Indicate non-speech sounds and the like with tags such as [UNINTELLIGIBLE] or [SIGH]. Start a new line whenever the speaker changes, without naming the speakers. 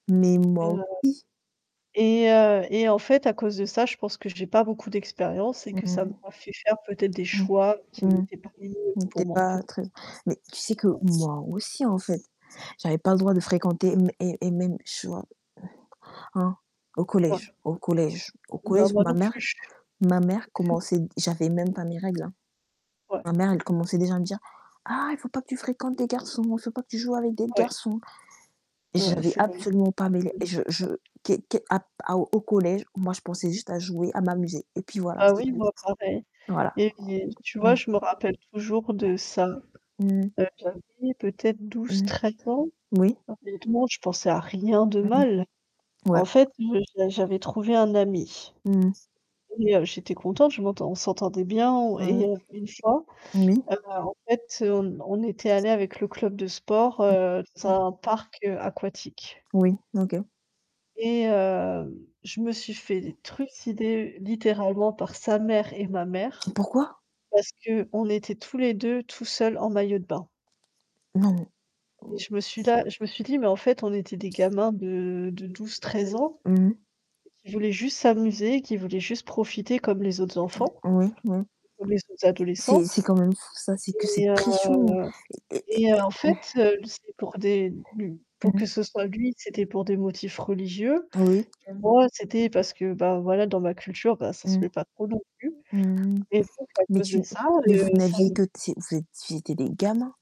Mais, moi
Heu,
aussi.
et heu, et en fait, à cause de ça, je pense que j'ai pas beaucoup d'expérience, et
Mmh
que ça
mh.
m'a fait faire, peut-être, des
Mmh.
choix qui
Mmh
n'étaient pas les mieux
mh. Tu
pour
es
moi, en
pas
fait.
très mais tu sais que
Ouais.
moi aussi en fait, j'avais pas le droit de fréquenter mes et et même je vois Hein, au collège
[UNINTELLIGIBLE]
au collège au
Bah,
collège,
moi
ma
non
mère
plus.
ma mère
Mmh.
commençait j'avais même pas mes règles, hein.
Ouais.
Ma mère, elle commençait déjà à me dire: «Ah, il faut pas que tu fréquentes des garçons, il faut pas que tu joues avec des
Ouais.
garçons», et
Ouais,
j'avais
c'est
absolument pas mêlé et je je
[UNINTELLIGIBLE]
qué qué à au collège, moi, je pensais juste à jouer, à m'amuser, et puis voilà,
Bah
c'est
oui,
tout.
moi, pareil,
Voilà.
et yé tu vois?
Mmh.
Je me rappelle toujours de ça,
Mmh mh.
heu, j'avais peut-être
Mmh.
12-13 ans.
Oui.
Honnêtement, je pensais à rien de
Mmh,
mal.
ouais.
En fait, j'a j'avais trouvé un ami,
Mmh mh.
et heu, j'étais contente, je m'entend on s'entendait bien on et
Mmh.
heu, une fois,
Oui.
heu, en fait, on on était allés avec le club de sport,
Mmh.
heu, dans
Mmh.
un parc, heu, aquatique.
Oui, OK.
Et hem, je me suis fait trucider, littéralement, par sa mère et ma mère,
Pourquoi?
parce qu'on était tous les 2 tout seuls en maillot de bain.
Non, non.
Et
Oh.
je me suis là, je me suis dit, mais en fait, on était des gamins, de de 12-13 ans
Mmh.
qui voulaient juste s'amuser, qui voulaient juste profiter, comme les autres enfants,
Oui, oui.
comme les autres
C'est
adolescents.
c'est quand même fou ça, c'est que
Et
cette
heu,
pression et et et
et en fait, heu, c'est pour des b pour
Mmh mh.
que ce soit lui, c'était pour des motifs religieux,
Oui.
et moi, c'était parce que, bah voilà, dans ma culture, bah, ça se
Mmh.
fait pas trop non plus,
Mmh mh,
et donc à
mais
cause
tu
de ça,
mais vous
heu, ça
n'aviez
n
que c'est vous êtes vous étiez des gamins.